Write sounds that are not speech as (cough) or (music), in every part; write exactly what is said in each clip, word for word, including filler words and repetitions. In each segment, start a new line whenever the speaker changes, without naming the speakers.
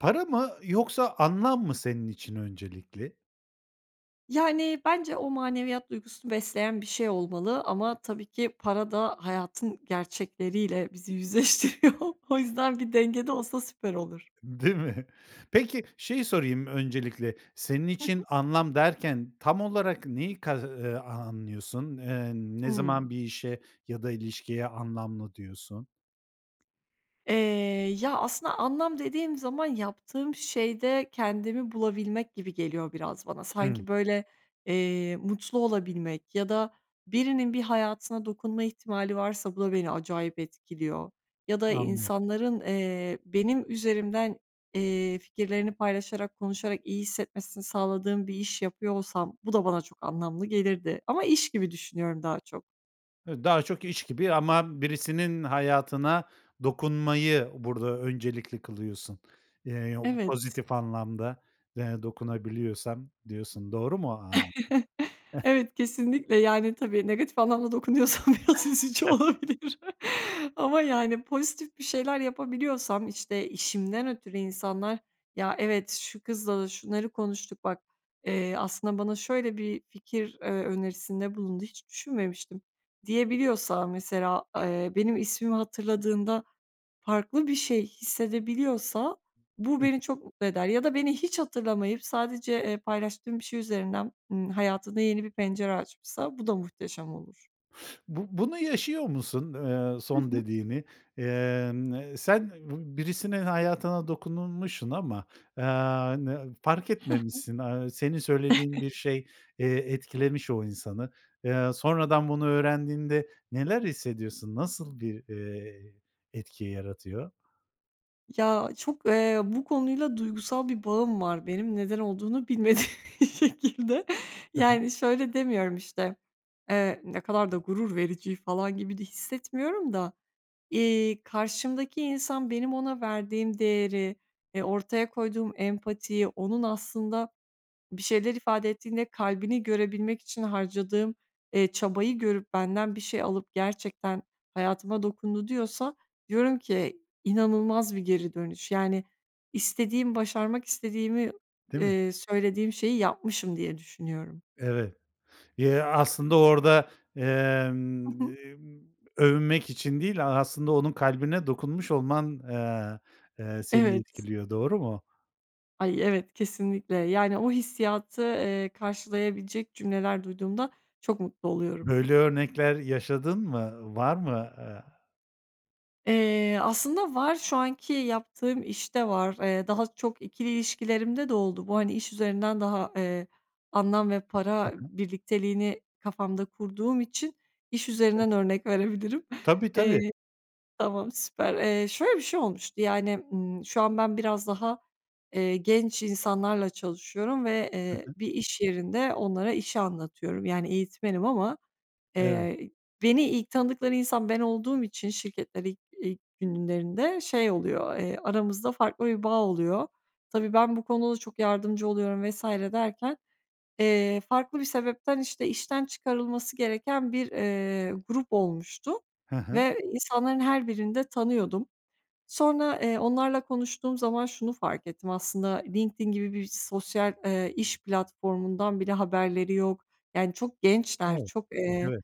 Para mı yoksa anlam mı senin için öncelikli?
Yani, bence o maneviyat duygusunu besleyen bir şey olmalı ama tabii ki para da hayatın gerçekleriyle bizi yüzleştiriyor. O yüzden bir dengede olsa süper olur.
Değil mi? Peki şeyi sorayım öncelikle. Senin
Hı hı.
için anlam derken tam olarak neyi kas eee, a anlıyorsun? Eee, ne
Hımm.
zaman bir işe ya da ilişkiye anlamlı diyorsun?
Eee, ya, aslında anlam dediğim zaman yaptığım şeyde kendimi bulabilmek gibi geliyor biraz bana.
Hı.
Sanki, böyle, eee, mutlu olabilmek ya da birinin bir hayatına dokunma ihtimali varsa, bu da beni acayip etkiliyor. Ya da
Anlıyorum.
insanların, eee, benim üzerimden, eee, fikirlerini paylaşarak, konuşarak iyi hissetmesini sağladığım bir iş yapıyor olsam, bu da bana çok anlamlı gelirdi ama iş gibi düşünüyorum daha çok.
Hı, daha çok iş gibi ama birisinin hayatına dokunmayı burada öncelikli kılıyorsun. Eee, yo bu
Evet.
pozitif anlamda de dokunabiliyorsan diyorsun, doğru mu o an
(chuckles) Evet, kesinlikle, yani, tabii negatif anlamda dokunuyorsam biraz üzücü olabilir
(chuckles)
ama, yani, pozitif bir şeyler yapabiliyorsam, işte, işimden ötürü insanlar, “Ya, evet, şu kızla da şunları konuştuk, bak, eee, aslında bana şöyle bir fikir, eee, önerisinde bulundu, hiç düşünmemiştim.” diyebiliyorsa, mesela. Eee, benim ismimi hatırladığında farklı bir şey hissedebiliyorsa, bu beni çok mutlu eder ya da beni hiç hatırlamayıp sadece, eee, paylaştığım bir şey üzerinden, ımm, hayatında yeni bir pencere açmışsa, bu da muhteşem olur.
Bu bunu yaşıyor musun, eee,
Hı
son
hı.
dediğini? Emm, eee, sen bi birisinin hayatına dokunulmuşun ama, eee, n fark
Hı hı.
etmemişsin, aaa, senin söylediğin bir
(chuckles)
şey, eee, etkilemiş o insanı. Eee, sonradan bunu öğrendiğinde neler hissediyorsun? Nasıl bir, eee, etki yaratıyor?
Ya, çok, eee, bu konuyla duygusal bir bağım var benim neden olduğunu bilmediğim bir şekilde.
Hı hı.
Yani şöyle demiyorum, işte, eee, "ne kadar da gurur verici" falan gibi de hissetmiyorum da, iii, karşımdaki insan benim ona verdiğim değeri, eee, ortaya koyduğum empatiyi, onun aslında bir şeyler ifade ettiğinde kalbini görebilmek için harcadığım, eee, çabayı görüp, benden bir şey alıp gerçekten hayatıma dokundu diyorsa, diyorum ki, inanılmaz bir geri dönüş. Yani, istediğim, başarmak istediğimi,
Değil mi?
eee, söylediğim şeyi yapmışım diye düşünüyorum.
Evet, ya, aslında orada,
Hı
emm,
hı.
emm, övünmek için değil, a aslında onun kalbine dokunmuş olman, eee, eee, seni
Evet.
etkiliyor, doğru mu?
Ay, evet, kesinlikle. Yani, o hissiyatı, eee, karşılayabilecek cümleler duyduğumda çok mutlu oluyorum.
Böyle örnekler yaşadın mı? Var mı? Aaa
Eee, aslında var, şu anki yaptığım işte var, eee, daha çok ikili ilişkilerimde de oldu. Bu, hani, iş üzerinden daha, eee, anlam ve
Hı
para
hı.
birlikteliğini kafamda kurduğum için iş üzerinden
(unintelligible)
örnek verebilirim.
Tabii, tabii.
Eee Tamam süper, eee, şöyle bir şey olmuştu, yani, ımm, şu an ben biraz daha, eee, genç insanlarla çalışıyorum ve,
Hı
eee,
hı.
bir iş yerinde onlara işi anlatıyorum, yani eğitmenim ama,
Evet.
eee, ı beni ilk tanıdıkları insan ben olduğum için şirkette ilk ilk günlerinde şey oluyor, eee, aramızda farklı bir bağ oluyor. Tabii, ben bu konuda da çok yardımcı oluyorum vs. derken, eee, farklı bir sebepten, işte, işten çıkarılması gereken bir, eee, grup olmuştu
He he.
ve insanların her birini de tanıyordum. Sonra, eee, onlarla konuştuğum zaman şunu fark ettim aslında, LinkedIn gibi bir s sosyal, eee, iş platformundan bile haberleri yok. Yani, çok gençler,
O!
çok, eee,
Evet.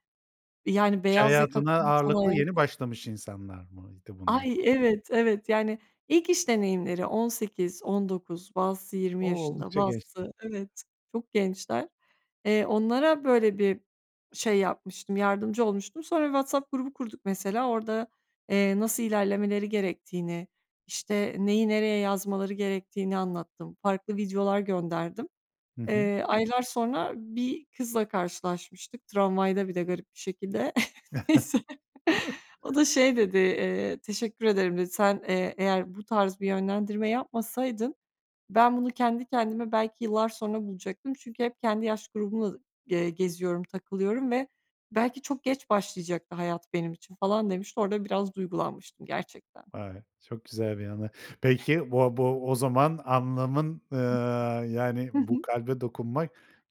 yani,
İş
beyaz yaka
hayatına
kurumsal
ağırlıklı
hayat
yeni başlamış insanlar mıydı bunlar?
Ay, evet, evet, yani ilk iş deneyimleri on sekiz, on dokuz, bazısı yirmi
O!
yaşında,
Oldukça gençler.
bazısı evet, çok gençler. Eee, onlara böyle bir şey yapmıştım, yardımcı olmuştum. Sonra bir WhatsApp grubu kurduk mesela, orada, eee, nasıl ilerlemeleri gerektiğini, işte, neyi nereye yazmaları gerektiğini anlattım, farklı videolar gönderdim.
Hı hı.
Eee, aylar sonra bir kızla karşılaşmıştık, tramvayda bir de garip bir şekilde. (chuckles) Neyse.
(chuckles)
O da şey dedi, eee, "teşekkür ederim" dedi. "Sen, eee, eğer bu tarz bir yönlendirme yapmasaydın ben bunu kendi kendime belki yıllar sonra bulacaktım. Çünkü hep kendi yaş grubumla, eee, geziyorum, takılıyorum ve belki çok geç başlayacaktı hayat benim için falan" demişti. Orada biraz duygulanmıştım gerçekten.
Vay, çok güzel bir anı. Peki, bo bo o zaman anlamın, eee,
(unintelligible)
yani,
Hı
bu
hı.
kalbe dokunmak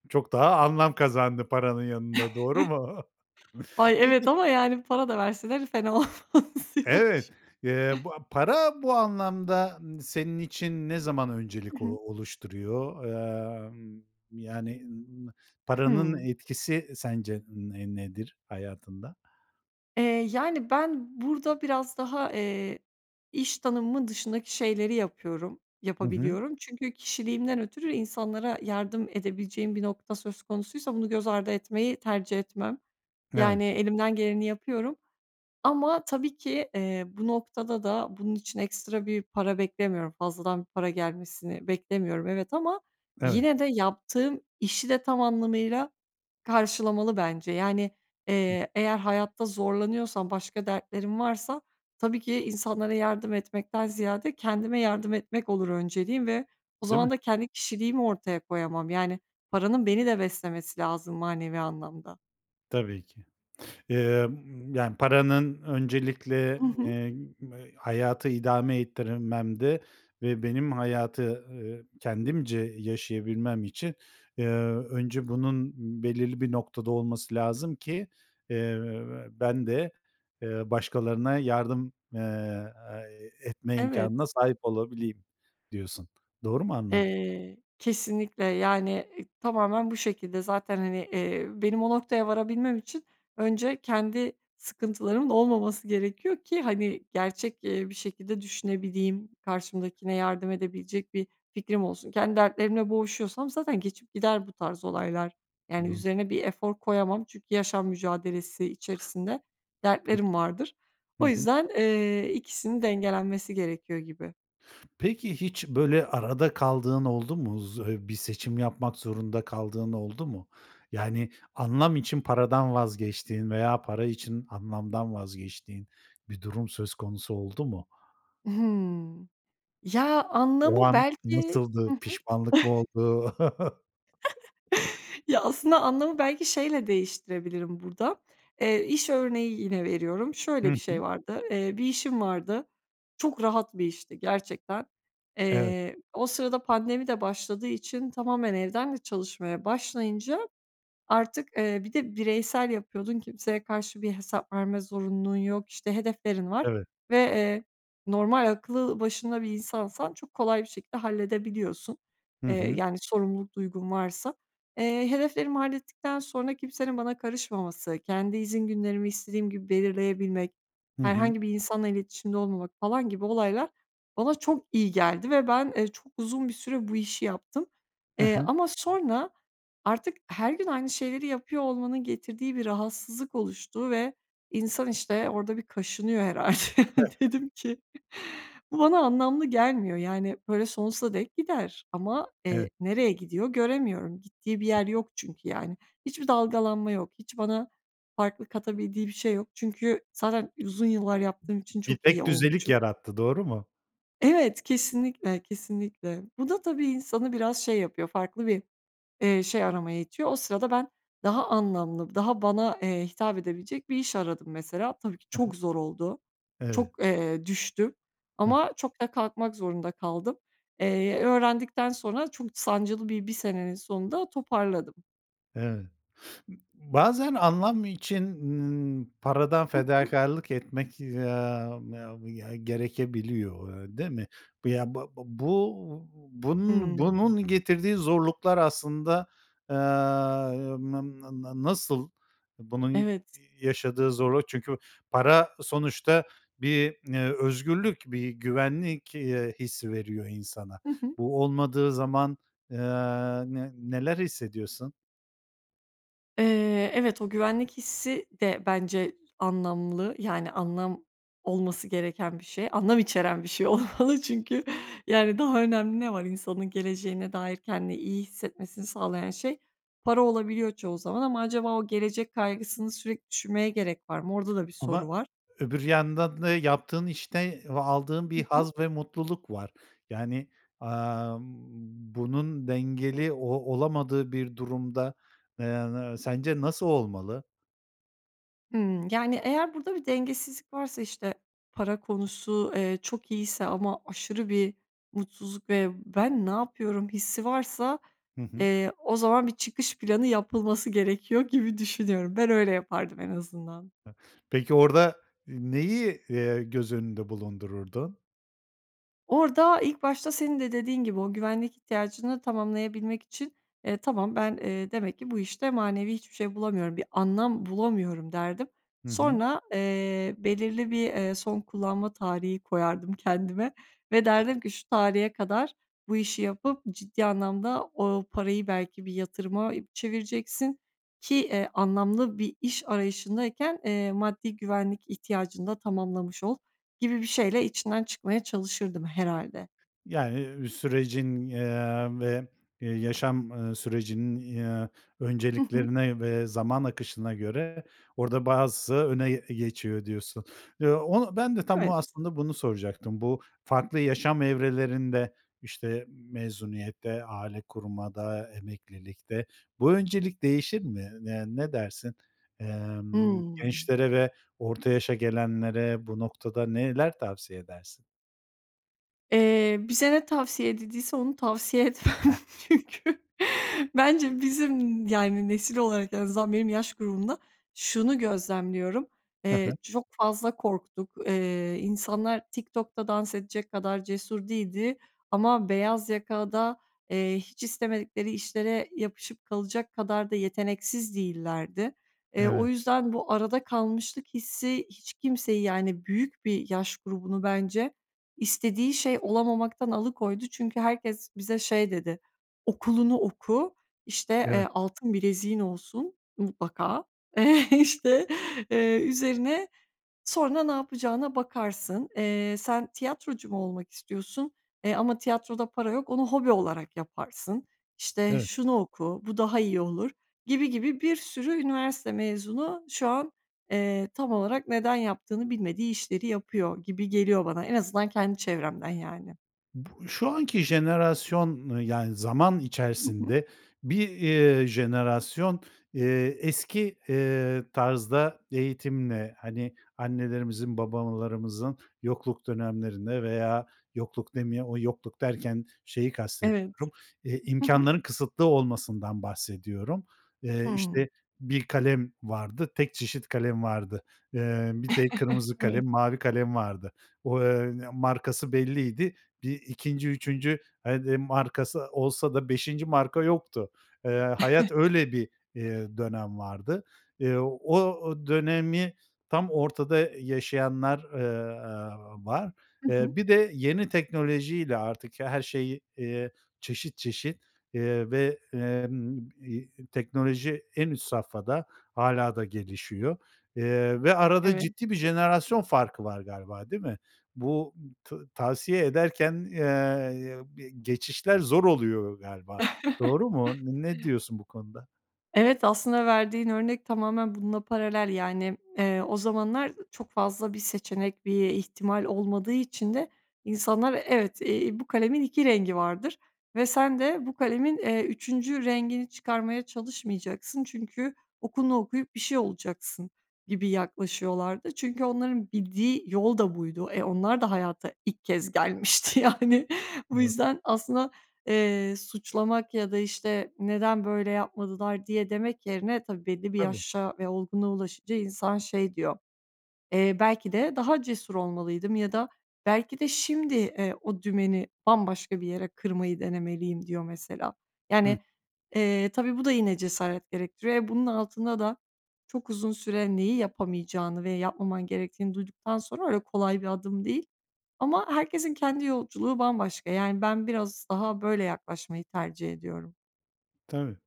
çok daha anlam kazandı paranın yanında, doğru mu?
(chuckles)
(chuckles)
Ay evet
Peki
ama yani para da verseler fena olmaz diyormuşum.
Evet, eee, bu, a para bu anlamda, n senin için ne zaman
Hı
öncelik, o
hı.
oluşturuyor? Emm, yani, ııı, ımm, paranın
Hıı.
etkisi sence, ne nedir hayatında?
Eee, yani, ben burada biraz daha, eee, iş tanımımın dışındaki şeyleri yapıyorum,
Hı hı.
yapabiliyorum. Çünkü kişiliğimden ötürü insanlara yardım edebileceğim bir nokta söz konusuysa bunu göz ardı etmeyi tercih etmem.
Evet.
Yani, elimden geleni yapıyorum ama, tabii ki, eee, bu noktada da bunun için ekstra bir para beklemiyorum, fazladan bir para gelmesini beklemiyorum, evet, ama
Evet.
yine de yaptığım işi de tam anlamıyla karşılamalı bence. Yani, eee, eğer hayatta zorlanıyorsam, başka dertlerim varsa, tabii ki insanlara yardım etmekten ziyade kendime yardım etmek olur önceliğim ve o
Değil mi?
zaman da kendi kişiliğimi ortaya koyamam. Yani, paranın beni de beslemesi lazım manevi anlamda.
Tabii ki. Eee, ımm, yani, paranın öncelikle,
Hı hı.
eee, hayatı idame ettirmemde ve benim hayatı, eee, kendimce yaşayabilmem için, eee, önce bunun belirli bir noktada olması lazım ki, eee, ben de, eee, başkalarına yardım, eee, e etme
Evet.
imkânına sahip olabileyim, diyorsun. Doğru mu anladım?
Eee, kesinlikle, yani, eee, tamamen bu şekilde. Zaten, hani, eee, benim o noktaya varabilmem için önce kendi sıkıntılarımın olmaması gerekiyor ki, hani, gerçek, eee, bir şekilde düşünebileyim, karşımdakine yardım edebilecek bir fikrim olsun. Kendi dertlerimle boğuşuyorsam zaten geçip gider bu tarz olaylar, yani,
Doğru.
üzerine bir efor koyamam. Çünkü yaşam mücadelesi içerisinde
Peki.
dertlerim vardır.
Hı
O
hı.
yüzden, eee, ikisinin dengelenmesi gerekiyor gibi.
Peki, hiç, böyle, arada kaldığın oldu mu? Zo eee, bir seçim yapmak zorunda kaldığın oldu mu? Yani, anlam için paradan vazgeçtiğin veya para için anlamdan vazgeçtiğin bir durum söz konusu oldu mu?
Hımm. Ya,
O
anlamı
an
belki hı
nasıldı?
hı.
Pişmanlık mı
(chuckles)
oldu? (chuckles)
(chuckles) Ya, aslında anlamı belki şeyle değiştirebilirim burada, eee, iş örneği yine veriyorum,
Hı
şöyle bir şey
hı.
vardı, eee, bir işim vardı, çok rahat bir işti gerçekten.
Evet.
Eee, o sırada pandemi de başladığı için tamamen evden de çalışmaya başlayınca artık, eee, bir de bireysel yapıyordun, kimseye karşı bir hesap verme zorunluluğun yok, işte hedeflerin var
Evet.
ve, eee, normal, aklı başında bir insansan çok kolay bir şekilde halledebiliyorsun,
Hı
eee,
hı.
yani, sorumluluk duygun varsa. Eee, hedeflerimi hallettikten sonra kimsenin bana karışmaması, kendi izin günlerimi istediğim gibi belirleyebilmek,
Hı hı.
herhangi bir insanla iletişimde olmamak, falan gibi olaylar bana çok iyi geldi ve ben, eee, çok uzun bir süre bu işi yaptım.
Hı
Eee,
hı.
ama sonra artık her gün aynı şeyleri yapıyor olmanın getirdiği bir rahatsızlık oluştu ve insan işte, orada bir kaşınıyor herhâlde. Dedim ki, bu bana anlamlı gelmiyor, yani, böyle, sonsuza dek gider ama, eee,
Evet.
nereye gidiyor göremiyorum. Gittiği bir yer yok çünkü, yani. Hiçbir dalgalanma yok, hiç bana farklı katabildiği bir şey yok. Çünkü zaten uzun yıllar yaptığım için
Bir
çok iyi
tekdüzelik
olmuşum.
yarattı, doğru mu?
Evet, kesinlikle, kesinlikle. Bu da tabii insanı biraz şey yapıyor, farklı bir, eee, şey aramaya itiyor. O sırada ben daha anlamlı, daha bana, eee, hitap edebilecek bir iş aradım, mesela. Tabii ki
Hı hı.
çok zor oldu,
Evet.
çok, eee, düştüm
Hıh.
ama çok da kalkmak zorunda kaldım. Eee, öğrendikten sonra çok sancılı bir bir senenin sonunda toparladım.
Evet. (sniffs) Bazen anlam için, ııı, paradan
Hı hı.
fedakârlık etmek, aaa, ya ya gerekebiliyor, ııı, değil mi? Ya, bab bu bunun,
Hımm.
bunun getirdiği zorluklar aslında, aaa, n n n nasıl, bunun ya
Evet.
yaşadığı zorluk çünkü para sonuçta bir, ııı, özgürlük, bir güvenlik, iii, hissi veriyor insana.
Hı hı.
Bu olmadığı zaman, ııı, ne neler hissediyorsun?
Eee, evet, o güvenlik hissi de bence anlamlı, yani, anlam olması gereken bir şey, anlam içeren bir şey olmalı. Çünkü, yani, daha önemli ne var insanın geleceğine dair kendini iyi hissetmesini sağlayan şey? Para olabiliyor çoğu zaman ama acaba o gelecek kaygısını sürekli düşünmeye gerek var mı? Orada da bir soru
Ama
var.
öbür yandan da yaptığın işte ve aldığın
Hı
bir
hı.
haz ve mutluluk var. Yani, amm, bunun dengeli o olamadığı bir durumda, eee, sence nasıl olmalı?
Hımm. Yani, eğer burada bir dengesizlik varsa, işte, para konusu, eee, çok iyiyse ama aşırı bir mutsuzluk ve "ben ne yapıyorum" hissi varsa,
Hı hı.
eee, o zaman bir çıkış planı yapılması gerekiyor gibi düşünüyorum. Ben öyle yapardım en azından.
Peki orada, ııı, neyi, eee, göz önünde bulundururdun?
Orada, ilk başta senin de dediğin gibi, o güvenlik ihtiyacını tamamlayabilmek için, eee, tamam, ben, eee, demek ki bu işte manevi hiçbir şey bulamıyorum, bir anlam bulamıyorum derdim.
Hı hı.
Sonra, eee, belirli bir, eee, son kullanma tarihi koyardım kendime. Ve derdim ki, şu tarihe kadar bu işi yapıp ciddi anlamda o parayı belki bir yatırıma çevireceksin ki, eee, anlamlı bir iş arayışındayken, eee, maddi güvenlik ihtiyacını da tamamlamış ol, gibi bir şeyle içinden çıkmaya çalışırdım herhâlde.
Yani, sürecin, eee, ve, ııı, yaşam, ııı, sürecinin, ııı,
Hı hı.
önceliklerine ve zaman akışına göre orada bazısı öne geçiyor diyorsun. Ya, o ben de tam o
Evet.
aslında bunu soracaktım. Bu farklı yaşam evrelerinde, işte, mezuniyette, aile kurmada, emeklilikte, bu öncelik değişir mi? Eee, ne dersin? Emm,
Hıı.
gençlere ve orta yaşa gelenlere bu noktada neler tavsiye edersin?
Eee, bize ne tavsiye edildiyse onu tavsiye etmem. (chuckles) Çünkü bence bizim, yani, nesil olarak en azından benim yaş grubumda şunu gözlemliyorum.
Hı
Eee,
hı.
çok fazla korktuk. Eee, insanlar TikTok'ta dans edecek kadar cesur değildi ama beyaz yaka da, eee, hiç istemedikleri işlere yapışıp kalacak kadar da yeteneksiz değillerdi. Eee, o
Evet.
yüzden bu arada kalmışlık hissi hiç kimseyi, yani, büyük bir yaş grubunu, bence, istediği şey olamamaktan alıkoydu çünkü herkes bize şey dedi, “Okulunu oku,” işte,
Evet.
eee, “Altın bileziğin olsun mutlaka.” Eee, işte, eee, üzerine “Sonra ne yapacağına bakarsın, eee, sen tiyatrocu mu olmak istiyorsun? E, ama tiyatroda para yok, onu hobi olarak yaparsın.” İşte,
Evet.
“Şunu oku, bu daha iyi olur.” gibi gibi bir sürü üniversite mezunu şu an, eee, tam olarak neden yaptığını bilmediği işleri yapıyor gibi geliyor bana. En azından kendi çevremden, yani.
Bu şu anki jenerasyon, ııı, yani zaman
Hı hı.
içerisinde bir, iii, jenerasyon, iii, eski, eee, tarzda eğitimle, hani, annelerimizin, babalarımızın yokluk dönemlerinde veya yokluk demeye o yokluk derken şeyi
Evet.
kastediyorum, eee,
Hı hı.
imkânların kısıtlı olmasından bahsediyorum. Eee,
Hımm.
işte, bir kalem vardı, tek çeşit kalem vardı. Eee, bir de
(chuckles)
kırmızı
Evet.
kalem, mavi kalem vardı. O, eee, markası belliydi. Bir ikinci üçüncü hadi markası olsa da beşinci marka yoktu. Eee, hayat öyle bir,
(chuckles)
eee, dönem vardı. Eee, o o dönemi tam ortada i yaşayanlar, ııı, aaa var.
Hı
Eee,
hı.
bir de yeni teknolojiyle artık her şeyi, eee, çeşit çeşit, eee, ve, emm, iii, teknoloji, en üst safhada hâlâ da gelişiyor, eee, ve arada
Evet.
ciddi bir jenerasyon farkı var galiba, değil mi? Bu, ta tavsiye ederken, eee, be geçişler zor oluyor galiba.
(chuckles)
Doğru mu? Ne diyorsun bu konuda?
Evet aslında verdiğin örnek tamamen bununla paralel. Yani, eee, o zamanlar çok fazla bir seçenek, bir ihtimal olmadığı için de insanlar evet, eee, bu kalemin iki rengi vardır ve sen de bu kalemin, eee, üçüncü rengini çıkarmaya çalışmayacaksın çünkü okulunu okuyup bir şey olacaksın gibi yaklaşıyorlardı. Çünkü onların bildiği yol da buydu, eee, onlar da hayata ilk kez gelmişti yani. Bu
Doğru.
yüzden aslında, eee, suçlamak ya da, işte, neden böyle yapmadılar diye demek yerine, tabii, belli bir
Tabii.
yaşa ve olgunluğa ulaşınca insan şey diyor, eee, "Belki de daha cesur olmalıydım." ya da "Belki de şimdi, eee, o dümeni bambaşka bir yere kırmayı denemeliyim." diyor mesela.
Hı.
Yani, eee, tabii, bu da yine cesaret gerektiriyor, eee, bunun altında da çok uzun süre neyi yapamayacağını ve yapmaman gerektiğini duyduktan sonra öyle kolay bir adım değil ama herkesin kendi yolculuğu bambaşka. Yani ben biraz daha böyle yaklaşmayı tercih ediyorum.
Tabii,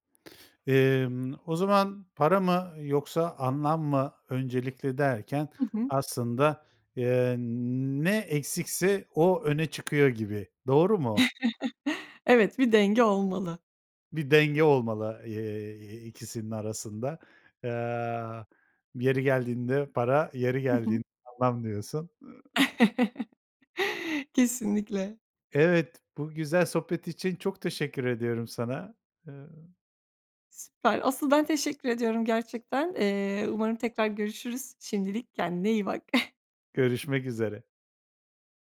emm, o zaman para mı yoksa anlam mı öncelikli derken
Hı hı.
aslında, eee, ne eksikse o öne çıkıyor gibi, doğru mu?
(chuckles) Evet bir denge olmalı.
Bir denge olmalı, eee, ikisinin arasında. Aaa, yeri geldiğinde para, yeri
Hı hı.
geldiğinde anlam diyorsun. Iıı
(chuckles) Kesinlikle.
Evet, bu güzel sohbet için çok teşekkür ediyorum sana. Iıı.
Süper. Asıl, ben teşekkür ediyorum gerçekten. Eee, umarım tekrar görüşürüz. Şimdilik, kendine iyi bak. (chuckles)
Görüşmek üzere.